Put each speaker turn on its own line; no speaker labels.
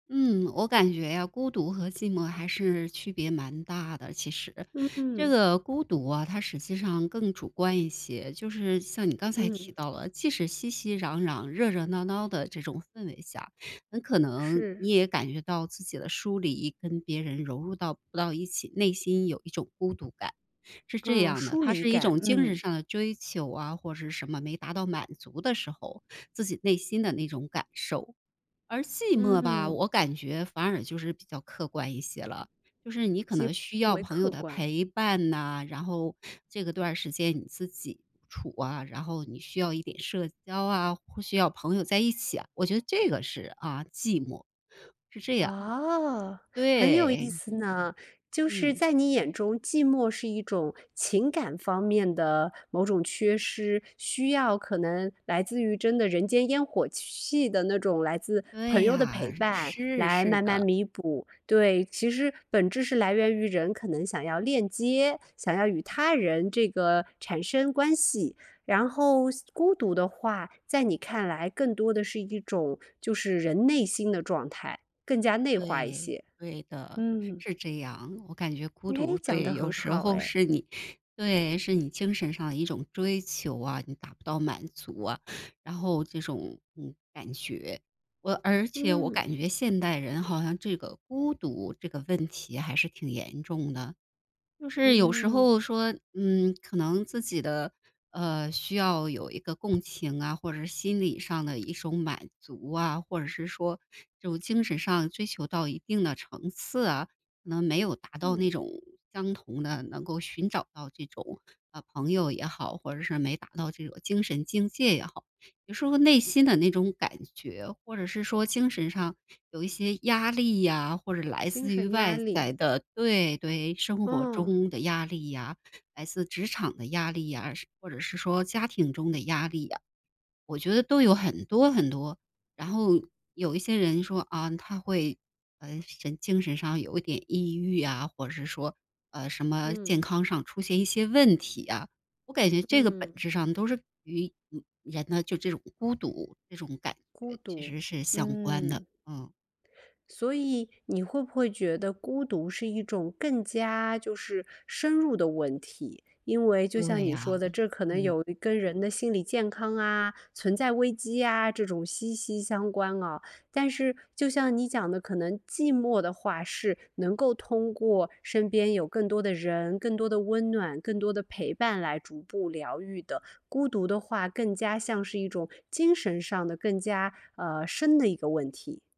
嗯，我感觉啊，孤独和寂寞还是区别蛮大的其实。
嗯
这
嗯。
个孤独啊，它实际上更主观一些。就是像你刚才
嗯。
提到了，即使熙熙攘攘热热闹闹的这种氛围下，很可能
是。
你也感觉到自己的疏离跟别人融入到不到一起，内心有一种孤独感。是这
嗯，
样的，
疏
它
离
是一
感，
种精神
嗯。
上的追求啊，或是什么没达到满足的时候，自己内心的那种感受。而寂寞吧，
嗯。
我感觉反而就是比较客观一些了。就是你可
几
能需
乎
要
为
朋友
客
的
观。
陪伴呐，然后，这个段时间你自己处啊，然后你需要一点社交啊，或需要朋友在一起啊，我觉得这个是，啊，寂寞。是这样。
哦，很有意
对。
思呢。就是
嗯。
在你眼中寂寞是一种情感方面的某种缺失，需要可能来自于真的人间烟火气的，那种来自朋
对
友的陪
啊，
伴
是，
来
是
慢慢
的。
弥补。对，其实本质是来源于人可能想要链接，想要与他人这个产生关系。然后孤独的话，在你看来更多的是一种就是人内心的状态，更加内化一
对，
些。
对的。
嗯。
是这样。我感觉孤
诶，
独
讲得
对，有
很
时
好
候
哎。
是你对，是你精神上的一种追求啊，你达不到满足啊，然后这种，嗯，感觉。我而且我
嗯。
感觉现代人好像这个孤独这个问题还是挺严重的。就是有时
嗯。
候说，嗯，可能自己的，呃，需要有一个共情啊，或者心理上的一种满足啊，或者是说这种精神上追求到一定的层次啊，可能没有达到那
嗯。
种相同的，能够寻找到这种，呃，朋友也好，或者是没达到这种精神境界也好。有时候内心的那种感觉，或者是说精神上有一些压力呀，或者来
精
自于
神压
外
力。
在的对对，生活
哦。
中的压力呀，来自职场的压力呀，是或者是说家庭中的压力呀，我觉得都有很多很多。然后有一些人说啊，他会，呃，神精神上有一点抑郁啊，或者是说，呃，什么健
嗯。
康上出现一些问题啊。我感觉这个本
嗯。
质上都是与 [unintelligible] 人呢，就这种孤独，这种感
孤
觉其
独，
实是相关的，
嗯。
嗯。
所以你会不会觉得孤独是一种更加就是深入的问题？因为就像
对
你说
呀，
的，
嗯-
这可能
嗯。
有跟人的心理健康啊，存在危机呀，这种息息相关啊。但是就像你讲的可能寂寞的话是，能够通过身边有更多的人、更多的温暖、更多的陪伴来逐步疗愈的。孤独的话，更加像是一种精神上的更加，呃，深的一个问题。